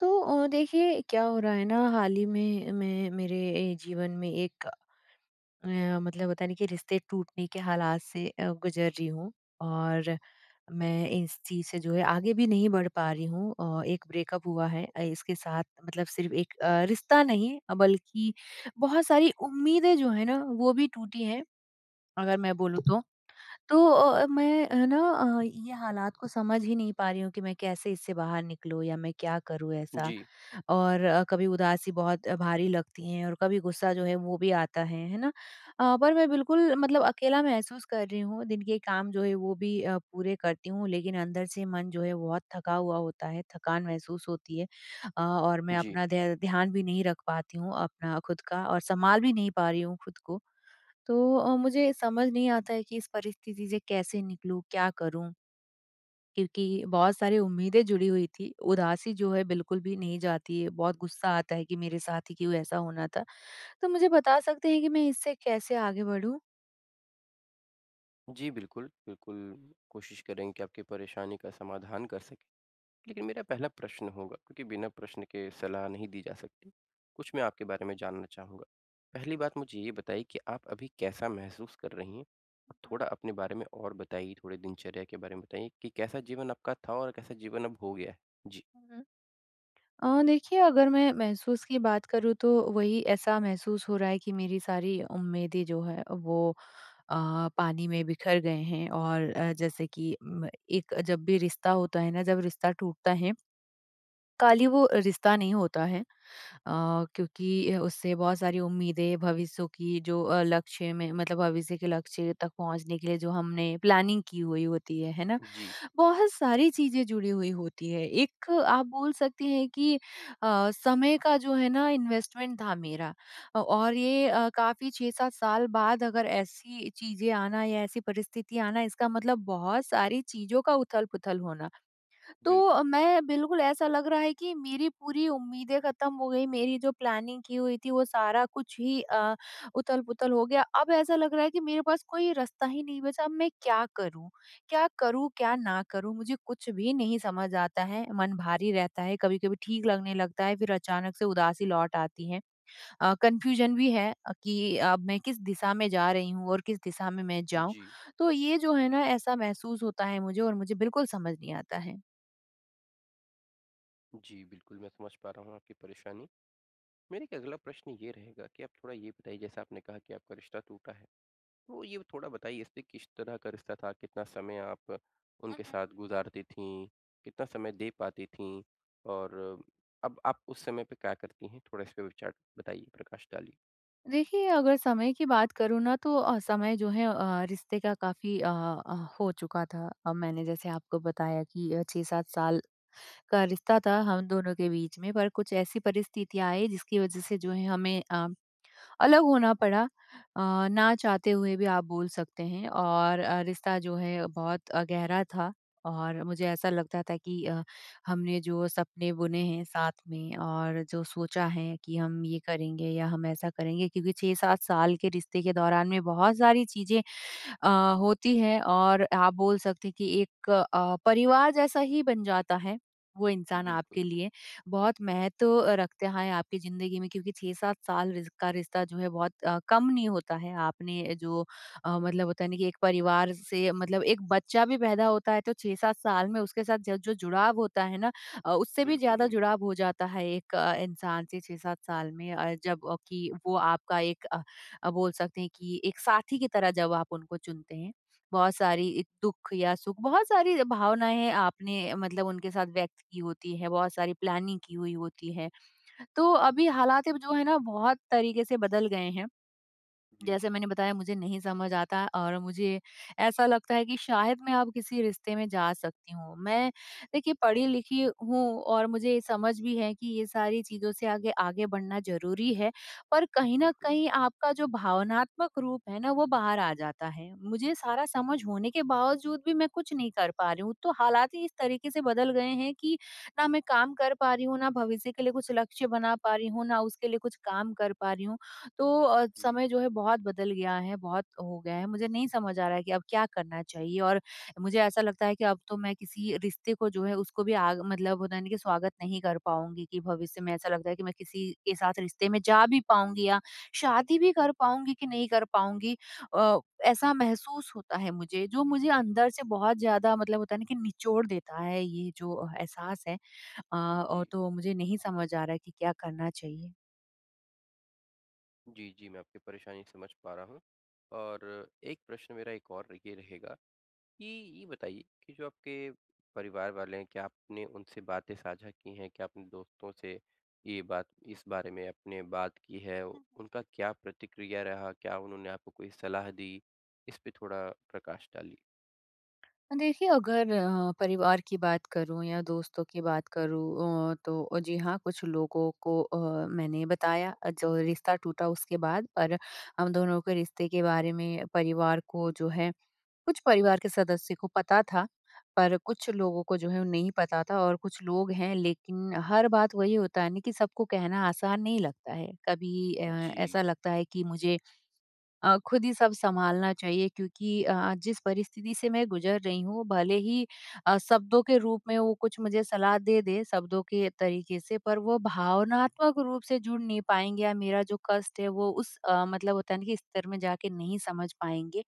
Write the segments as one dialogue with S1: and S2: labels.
S1: तो अ, देखिए क्या हो रहा है न हाल ही में मैं मेरे जीवन में एक अ, मतलब होता नहीं कि रिश्ते टूटने के हालात से गुजर रही हूँ। और मैं इस चीज़ से जो है आगे भी नहीं बढ़ पा रही हूँ। अ, एक ब्रेकअप हुआ है इसके साथ मतलब सिर्फ़ अ, एक रिश्ता नहीं बल्कि बहुत सारी उम्मीदें जो हैं न वो भी टूटी हैं। अगर मैं बोलूँ तो तो मैं है न अ, ये हालात को समझ ही नहीं पा रही हूँ कि मैं कैसे इससे बाहर निकलूँ या मैं क्या करूँ ऐसा?
S2: जी।
S1: और अ, कभी उदासी बहुत भारी लगती है, और कभी गुस्सा जो है वो भी आता है, है न? अ, पर मैं बिल्कुल मतलब अकेला महसूस कर रही हूँ दिन के काम जो है वो भी पूरे करती हूँ लेकिन अंदर से मन जो है बहुत थका हुआ होता है, थकान महसूस होती है। अ, और मैं
S2: जी।
S1: अपना ध्यान भी नहीं रख पाती हूँ अपना खुद का और सँभाल भी नहीं पा रही हूँ खुद को। तो अ, मुझे समझ नहीं आता है कि इस परिस्थिति से कैसे निकलूँ? क्या करूँ? क्योंकि बहुत सारी उम्मीदें जुड़ी हुई थी। उदासी जो है बिल्कुल भी नहीं जाती है, बहुत गुस्सा आता है कि मेरे साथ ही क्यों ऐसा होना था? तो मुझे बता सकते हैं कि मैं इससे कैसे आगे बढ़ूँ?
S2: जी, बिल्कुल। बिल्कुल, कोशिश करेंगे कि आपकी परेशानी का समाधान कर सकें। लेकिन मेरा पहला प्रश्न होगा, क्योंकि बिना प्रश्न के सलाह नहीं दी जा सकती, कुछ मैं आपके बारे में जानना चाहूँगा। पहली बात मुझे ये बताइए कि आप अभी कैसा महसूस कर रही हैं। और
S1: हुँ।
S2: थोड़ा अपने बारे में और बताइए, थोड़े दिनचर्या के बारे में बताइए कि कैसा जीवन आपका था और कैसा जीवन अब हो गया है? जी।
S1: हुँ, हुँ। अ, देखिए अगर मैं महसूस की बात करूँ तो वही ऐसा महसूस हो रहा है कि मेरी सारी उम्मीदें जो हैं, वो अ, पानी में बिखर गए हैं और अ, जैसे कि म एक जब भी रिश्ता होता है ना जब रिश्ता टूटता है काली वो रिश्ता नहीं होता है अ, क्योंकि उससे बहुत सारी उम्मीदें, भविष्यों की जो अ, लक्ष्य में मतलब भविष्य के लक्ष्य तक पहुँचने के लिए जो हमने प्लानिंग की हुई होती है, है ना?
S2: जी।
S1: बहुत सारी चीजें जुड़ी हुई होती हैं एक आप बोल सकती हैं कि अ, समय का जो है ना इन्वेस्टमेंट था मेरा। अ, और ये अ, काफ़ी 6-7 साल बाद अगर ऐसी चीजें आना या ऐसी परिस्थिति आना इसका मतलब बहुत सारी चीज़ों का उथल-पुथल होना।
S2: बिल्कुल।
S1: तो, मैं बिल्कुल ऐसा लग रहा है कि मेरी पूरी उम्मीदें ख़त्म हो गई, मेरी जो प्लानिंग की हुई थी वो सारा कुछ ही अ, उथल-पुथल हो गया। अब ऐसा लग रहा है कि मेरे पास कोई रास्ता ही नहीं बचा, अब मैं क्या करूँ क्या करूँ, क्या ना करूँ? मुझे कुछ भी नहीं समझ आता है मन भारी रहता है, कभी-कभी ठीक लगने लगता है फिर अचानक से उदासी लौट आती हैं। अ, कन्फ्यूज़न भी है अ, कि अब मैं किस दिशा में जा रही हूँ और किस दिशा में मैं जाऊँ?
S2: जी।
S1: तो ये जो है ना ऐसा महसूस होता है मुझे और मुझे बिल्कुल समझ नहीं आता है।
S2: जी, बिल्कुल मैं समझ पा रहा हूँ आपकी परेशानी। मेरा एक अगला प्रश्न ये रहेगा कि आप थोड़ा ये बताइए जैसा आपने कहा कि आपका रिश्ता टूटा है। तो ये थोड़ा बताइए इसमें किस तरह का रिश्ता था, कितना समय आप
S1: हुँ,
S2: उनके
S1: हुँ।
S2: साथ गुज़ारती थीं, कितना समय दे पाती थीं और अब आप उस समय पे क्या करती हैं? थोड़ा इस पे विचार बताइए, प्रकाश डालिए।
S1: देखिए, अगर समय की बात करूँ ना तो अ, समय जो है अ, रिश्ते का काफ़ी अ अ, हो चुका था। अब मैंने जैसे आपको बताया कि अ, 6-7 साल का रिश्ता था हम दोनों के बीच में पर कुछ ऐसी परिस्थितियाँ आई जिसकी वज़ह से जो है हमें अ, अलग होना पड़ा अ, ना चाहते हुए भी आप बोल सकते हैं। और अ, रिश्ता जो है बहुत अ, गहरा था और मुझे ऐसा लगता था कि अ, हमने जो सपने बुने हैं साथ में और जो सोचा है कि हम ये करेंगे या हम ऐसा करेंगे। क्योंकि 6-7 साल के रिश्ते के दौरान में बहुत सारी चीजें अ, होती हैं और आप बोल सकते हैं कि एक अ, परिवार जैसा ही बन जाता है, वो इंसान
S2: बिल्कुल।
S1: आपके लिए। बहुत महत्व रखता है आपकी ज़िंदगी में क्योंकि 6-7 साल रि का रिश्ता जो है बहुत अ, कम नहीं होता है। आपने जो अ, मतलब होता है ना कि एक परिवार से मतलब एक बच्चा भी पैदा होता है तो 6-7 साल में उसके साथ ज जो जुड़ाव होता है ना अ, उससे भी
S2: बिल्कुल,
S1: ज़्यादा
S2: बिल्कुल।
S1: जुड़ाव हो जाता है एक अ, इंसान से 6-7 साल में। अ, जबकि वो आपका एक अ अ, बोल सकते हैं कि एक साथी की तरह जब आप उनको चुनते हैं बहुत सारी दुःख या सुख, बहुत सारी भावनाएँ है आपने मतलब उनके साथ व्यक्त की होती हैं, बहुत सारी प्लानिंग की हुई होती है। तो अभी हालाते जो है ना बहुत तरीके से बदल गए हैं।
S2: जी।
S1: जैसे मैंने बताया मुझे नहीं समझ आता है और मुझे ऐसा लगता है कि शायद मैं अब किसी रिश्ते में जा सकती हूँ। मैं देखिए, पढ़ी-लिखी हूँ और मुझे समझ भी है कि ये सारी चीज़ों से आगे आगे बढ़ना ज़रूरी है। पर कहीं न
S2: बिल्कुल।
S1: कहीं आपका जो भावनात्मक रूप है ना वो बाहर आ जाता है, मुझे सारा समझ होने के बावज़ूद भी मैं कुछ नहीं कर पा रही हूँ। तो हालात ही इस तरीके से बदल गए हैं कि ना मैं काम कर पा रही हूँ, ना भविष्य के लिए कुछ लक्ष्य बना पा रही हूँ, ना उसके लिए कुछ काम कर पा रही हूँ। तो अ,
S2: जी।
S1: समय जो है बहुत बदल गया है बहुत हो गया है। मुझे नहीं समझ आ रहा है कि अब क्या करना चाहिए? और मुझे ऐसा लगता है कि अब तो मैं किसी रिश्ते को जो है उसको भी आग मतलब होता है ना स्वागत नहीं कर पाऊँगी कि भविष्य में ऐसा लगता है कि मैं किसी के साथ रिश्ते में जा भी पाऊँगी या शादी भी कर पाऊँगी कि नहीं कर पाऊँगी? अ, ऐसा महसूस होता है मुझे, जो मुझे अंदर से बहुत ज़्यादा मतलब होता है ना कि निचोड़ देता है ये जो एहसास है। अ, और
S2: जी।
S1: तो मुझे नहीं समझ आ रहा है कि क्या करना चाहिए?
S2: जी, जी, मैं आपकी परेशानी समझ पा रहा हूँ, और एक प्रश्न मेरा एक और ये रहेगा, कि ये बताइए कि जो आपके परिवार वाले क्या आपने उनसे बातें साझा की हैं? क्या अपने दोस्तों से ये बात इस बारे में आपने बात की है? उनका क्या प्रतिक्रिया रहा? क्या उन्होंने आपको कोई सलाह दी? इस पे थोड़ा प्रकाश डालिए।
S1: हाँ देखिए, अगर ह परिवार की बात करूँ या दोस्तों की बात करूँ अ, तो जी हाँ कुछ लोगों को अ, मैंने बताया जो रिश्ता टूटा उसके बाद। पर हम दोनों के रिश्ते के बारे में परिवार को जो है कुछ परिवार के सदस्य को पता था। पर कुछ लोगों को जो है वो नहीं पता था और कुछ लोग हैं लेकिन हर बात वही होता है ना कि सबको कहना आसान नहीं लगता है। कभी अ,
S2: जी।
S1: ऐसा लगता है कि मुझे अ, खुद ही सब संभालना चाहिए क्योंकि अ, जिस परिस्थिति से मैं गुज़र रही हूँ भले ही अ, शब्दों के रूप में हो कुछ मुझे सलाह दे-दे शब्दों के तरीके से पर वो भावनात्मक रूप से जुड़ नहीं पाएँगे या मेरा जो कष्ट है वो उस अ, मतलब होता है ना कि स्तर में जा के नहीं समझ पाएँगे।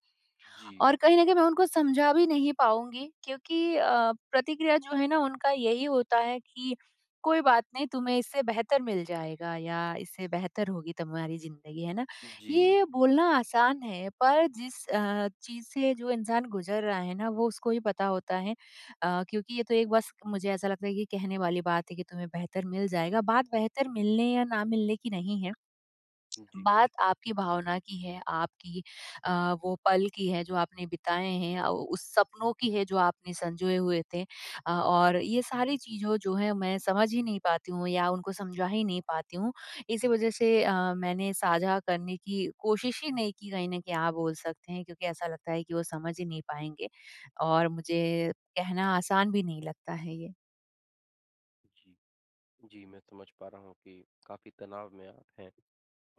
S2: जी।
S1: और कहीं न कहीं मैं उनको समझा भी नहीं पाऊँगी क्योंकि अ, प्रतिक्रिया जो है ना उनका यही होता है कि कोई बात नहीं तुम्हें इससे बेहतर मिल जाएगा या इससे बेहतर होगी तुम्हारी ज़िंदगी है ना।
S2: जी।
S1: ये बोलना आसान है पर जिस अ, चीज़ से जो इंसान गुज़र रहा है ना वो उसको ही पता होता है। अ, क्योंकि ये तो एक बस मुझे ऐसा लगता है कि कहने वाली बात है कि तुम्हें बेहतर मिल जाएगा बात बेहतर मिलने या ना मिलने की नहीं है।
S2: हुँ जी।
S1: बात आपकी भावना की है आपकी अ, वो पल की है जो आपने बिताए हैं या उस सपनों की है जो आपने सँजोए हुए थे अ, और ये सारी चीजों जो हैं मैं समझ ही नहीं पाती हूँ या उनको समझा ही नहीं पाती हूँ। इसी वजह से अ, मैंने साझा करने की कोशिश ही नहीं की कहीं ना क्या बोल सकते हैं क्योंकि ऐसा लगता है कि वो समझ ही नहीं पाएँगे, और मुझे कहना आसान भी नहीं लगता है ये।
S2: जी, जी मैं समझ पा रहा हूँ कि काफ़ी तनाव में आप हैं।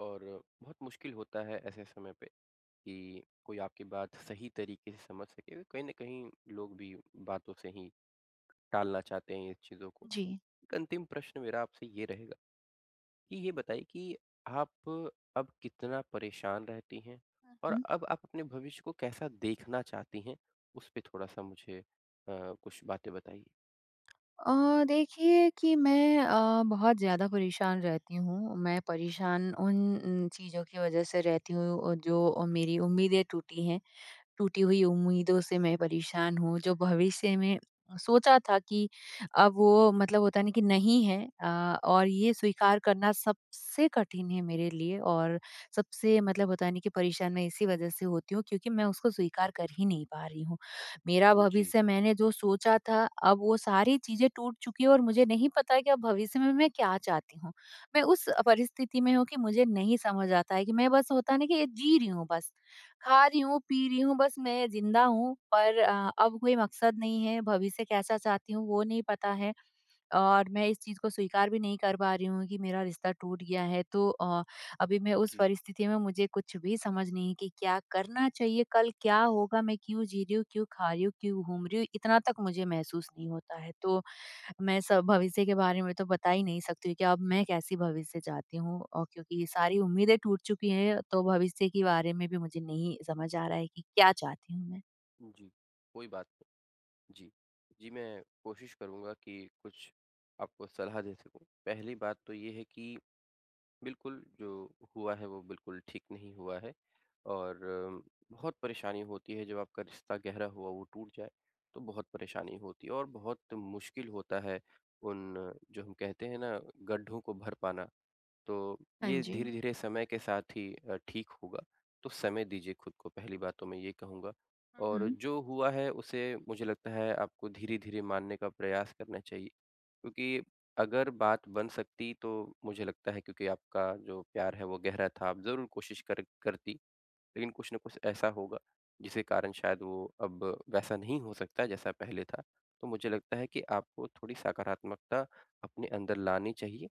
S2: और बहुत मुश्किल होता है ऐसे समय पे कि कोई आपकी बात सही तरीके से समझ सके। कहीं न कहीं लोग भी बातों से ही टालना चाहते हैं इस चीज़ों को।
S1: जी।
S2: अंतिम प्रश्न मेरा आपसे ये रहेगा, कि ये बताइए कि आप अब कितना परेशान रहती हैं
S1: हुँ,
S2: और
S1: हुँ।
S2: अब आप अपने भविष्य को कैसा देखना चाहती हैं, उसपे थोड़ा-सा मुझे अ, कुछ बातें बताइए?
S1: अ, देखिए कि मैं अ, बहुत ज़्यादा परेशान रहती हूँ, मैं परेशान उन उन चीज़ों की वजह से रहती हूँ जो मेरी उम्मीदें टूटी हैं। टूटी हुई उम्मीदों से मैं परेशान हूँ, जो भविष्य में सोचा था कि अ, वो मतलब होता है ना कि नहीं है अ, और ये स्वीकार करना सबसे कठिन है मेरे लिए। और सबसे मतलब होता है ना कि परेशान मैं इसी वजह से होती हूँ क्योंकि मैं उसको स्वीकार कर ही नहीं पा रही हूँ। मेरा
S2: जी।
S1: भविष्य मैंने जो सोचा था अब वो सारी चीज़ें टूट चुकी है और मुझे नहीं पता कि अब भविष्य में मैं क्या चाहती हूँ? मैं उस परिस्थिति में हूँ कि मुझे नहीं समझ आता है कि मैं बस होता है ना कि एक जी रही हूँ बस खा रही हूँ पी रही हूँ बस मैं ज़िंदा हूँ पर अ अब कोई मकसद नहीं है, भविष्य कैसा चाहती हूँ वो नहीं पता है। और मैं इस चीज़ को स्वीकार भी नहीं कर पा रही हूँ कि मेरा रिश्ता टूट गया है तो अ, अभी मैं उस
S2: जी।
S1: परिस्थिति में मुझे कुछ भी समझ नहीं कि क्या करना चाहिए? कल क्या होगा? मैं क्यों जी रही हूँ, क्यों खा रही हूँ, क्यों घूम रही हूँ? इतना तक मुझे महसूस नहीं होता है तो, मैं स भविष्य के बारे में तो बता ही नहीं सकती हूँ कि अब मैं कैसी भविष्य चाहती हूँ और क्योंकि ये सारी उम्मीदें टूट चुकी हैं तो भविष्य के बारे में भी मुझे नहीं समझ आ रहा है कि क्या चाहती हूँ मैं?
S2: उ, जी, कोई बात नहीं। जी, जी मैं कोशिश करूँगा कि कुछ आपको सलाह दे सकूँ। पहली बात तो ये है कि, बिल्कुल जो हुआ है वो बिल्कुल ठीक नहीं हुआ है, और बहुत परेशानी होती है जब आपका रिश्ता गहरा हुआ वो टूट जाए। तो बहुत परेशानी होती है और बहुत मुश्किल होता है उन जो हम कहते हैं ना गड्ढों को भर पाना। तो
S1: हाँ
S2: ये
S1: जी।
S2: धीरे-धीरे समय के साथ ही अ, ठीक होगा। तो समय दीजिए खुद को पहली बात तो मैं ये कहूँगा।
S1: हुँ,
S2: और
S1: हुँ।
S2: जो हुआ है उसे मुझे लगता है आपको धीरे-धीरे मानने का प्रयास करना चाहिए। क्योंकि अगर बात बन सकती तो मुझे लगता है क्योंकि आपका जो प्यार है वो गहरा था आप ज़रूर कोशिश कर करती। लेकिन कुछ न कुछ ऐसा होगा जिसके कारण शायद वो अब वैसा नहीं हो सकता जैसा पहले था। तो मुझे लगता है कि आपको थोड़ी सकारात्मकता अपने अंदर लानी चाहिए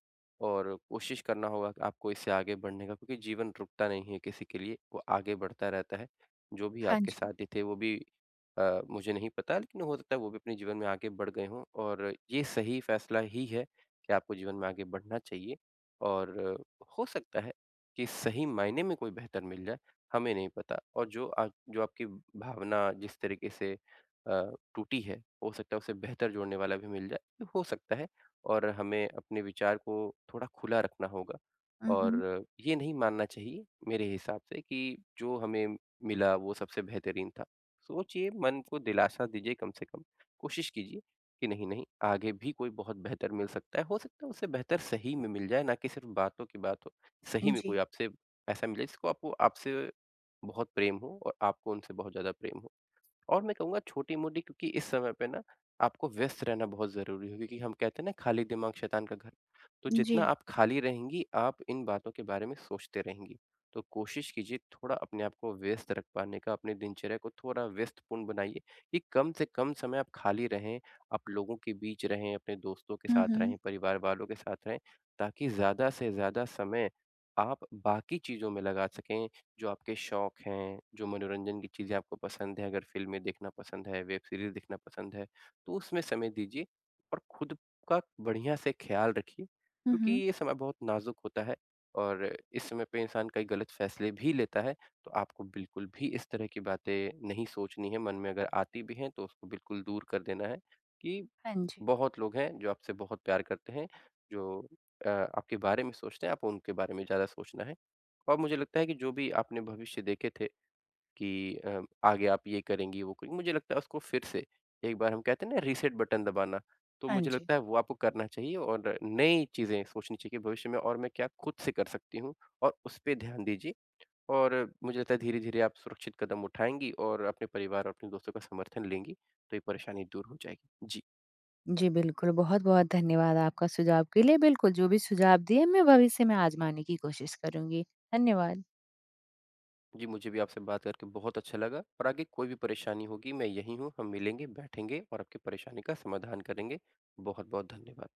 S2: और कोशिश करना होगा कि आपको इससे आगे बढ़ने का क्योंकि जीवन रुकता नहीं है किसी के लिए, वो आगे बढ़ता रहता है। जो भी
S1: हाँ जी।
S2: साथी थे वो भी अ, मुझे नहीं पता लेकिन हो सकता है वो भी अपने जीवन में आगे बढ़ गए हों और ये सही फैसला ही है कि आपको जीवन में आगे बढ़ना चाहिए। और, हो सकता है कि सही मायने में कोई बेहतर मिल जाए हमें नहीं पता। और जो अ, जो आपकी भावना जिस तरीक़े से अ, टूटी है हो सकता है उसे बेहतर जोड़ने वाला भी मिल जाए। हो सकता है और हमें अपने विचार को थोड़ा खुला रखना होगा।
S1: हुँ, हुँ।
S2: और, ये नहीं मानना चाहिए मेरे हिसाब से कि जो हमें मिला वो सबसे बेहतरीन था सोचिए मन को दिलासा दीजिए कम से कम कोशिश कीजिए कि नहीं-नहीं आगे भी कोई बहुत बेहतर मिल सकता है। हो सकता है उससे बेहतर सही में मिल जाए ना कि सिर्फ़ बातों की बातों। सही में कोई
S1: जी।
S2: आपसे ऐसा मिले जिसको आपको आपसे बहुत प्रेम हो और आपको उनसे बहुत ज़्यादा प्रेम हो। और मैं कहूँगा छोटी-मोटी क्योंकि इस समय पे ना आपको व्यस्त रहना बहुत ज़रूरी है क्योंकि हम कहते हैं न खाली दिमाग शैतान का घर। तो जितना
S1: जी।
S2: आप खाली रहेंगी आप इन बातों के बारे में सोचते रहेंगी। तो कोशिश कीजिए थोड़ा अपने को व्यस्त रख पाने का अपने दिनचर्या को थोड़ा व्यस्तपूर्ण बनाइए, कि कम से कम समय आप खाली रहें। आप लोगों के बीच रहें अपने दोस्तों के
S1: हुँ,
S2: साथ
S1: हुँ।
S2: रहें परिवार वालों के साथ रहें ताकि ज़्यादा से ज़्यादा समय आप बाकी चीज़ में लगा सकें जो आपके शौक हैं, जो मनोरंजन की चीज़ें आपको पसंद हैं अगर फ़िल्में देखना पसंद है, वेब सीरीज़ देखना पसंद है तो उसमें समय दीजिए और खुद का बढ़िया से ख्याल रखिए।
S1: हुँ,
S2: क्योंकि
S1: हुँ।
S2: ये समय बहुत नाज़ुक होता है और इस समय पे इंसान कई गलत फैसले भी लेता है तो आपको बिल्कुल भी इस तरह की बातें नहीं सोचनी है मन में अगर आती भी हैं तो उसको बिल्कुल दूर कर देना है कि
S1: हाँ जी।
S2: बहुत लोग हैं जो आपसे बहुत प्यार करते हैं। जो अ, आपके बारे में सोचते हैं आप उनके बारे में ज़्यादा सोचना है। और मुझे लगता है कि जो भी आपने भविष्य देखे थे कि अ, आगे आप ये करेंगी वो करेंगी। मुझे लगता है उसको फिर से एक बार हम कहते हैं ना रीसेट बटन दबाना। तो
S1: हाँ
S2: मुझे
S1: जी।
S2: लगता है वो आपको करना चाहिए और नई चीज़ें सोचनी चाहिए कि भविष्य में और मैं क्या खुद से कर सकती हूँ? और उसपे ध्यान दीजिए। और मुझे लगता है धीरे-धीरे आप सुरक्षित कदम उठाएँगी और अपने परिवार और अपने दोस्तों का समर्थन लेंगी। तो ये परेशानी दूर हो जाएगी। जी।
S1: जी, बिल्कुल। बहुत-बहुत धन्यवाद आपका सुझाव के लिए, बिल्कुल जो भी सुझाव दिए मैं भविष्य में आजमाने की कोशिश करूँगी। धन्यवाद।
S2: जी, मुझे भी आपसे बात करके बहुत अच्छा लगा और आगे कोई भी परेशानी होगी मैं यहीं हूँ, हम मिलेंगे, बैठेंगे और आपकी परेशानी का समाधान करेंगे। बहुत-बहुत धन्यवाद।